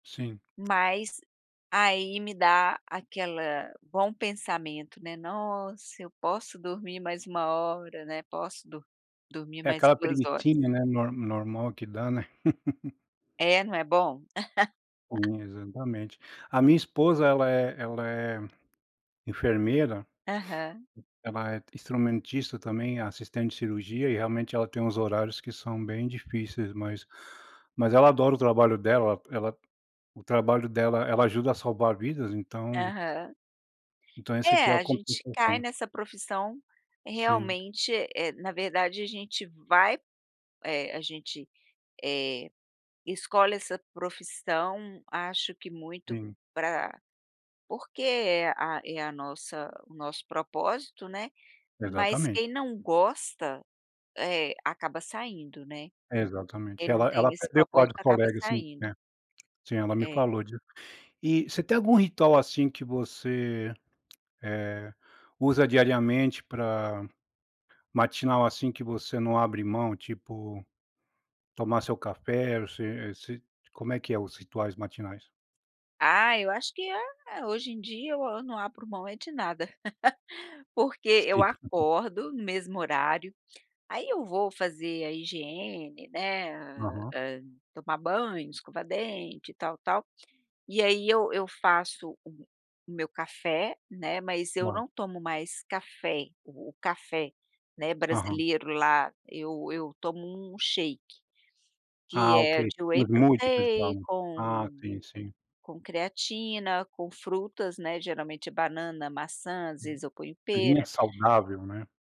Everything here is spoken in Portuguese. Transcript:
Sim. Mas aí me dá aquela bom pensamento, né, nossa eu posso dormir mais 1 hora, né, posso dormir É mais aquela 2 horas. preguicinha, né, nor normal que dá, né. É, não é bom? [unintelligible] Exatamente. A minha esposa ela é ela é, enfermeira. Aham. Ela é instrumentista também, assistente de cirurgia, e realmente ela tem uns horários que são bem difíceis, mas ela adora o trabalho dela, ela O trabalho dela ela ajuda a salvar vidas, então Aham. Então, esse aqui É, é o a gente cai compensação. nessa profissão Sim. realmente, eh, na verdade a gente vai, eh, a gente, eh, escolhe essa profissão acho que muito Sim. para porque é a é a nossa o nosso propósito, né, mas Exatamente. quem não gosta, eh, acaba saindo, né, quem Exatamente, não ela ela tem esse perdeu vários propósito acaba colegas, sim, é. saindo. Sim, ela me É. falou disso. E você tem algum ritual assim que você, eh, usa diariamente pra matinal, assim, que você não abre mão, tipo tomar seu café, se se como é que é os rituais matinais? Ah, eu acho que é, hoje em dia eu não abro mão é de nada, porque eu Sim. acordo no mesmo horário, aí eu vou fazer a higiene, né, Aham. hā, tomar banho, escovar dente e tal, tal, e aí eu eu faço o o meu café, né, mas eu Vale. não tomo mais café, o café, né, Aham. brasileiro lá, eu eu tomo um shake. Que Ah, ok. é de whey Muito protein pessoal. Ah, com sim, sim. com creatina, com frutas, né, geralmente é banana, maçã, às vezes eu ponho A pera. linha saudável, né.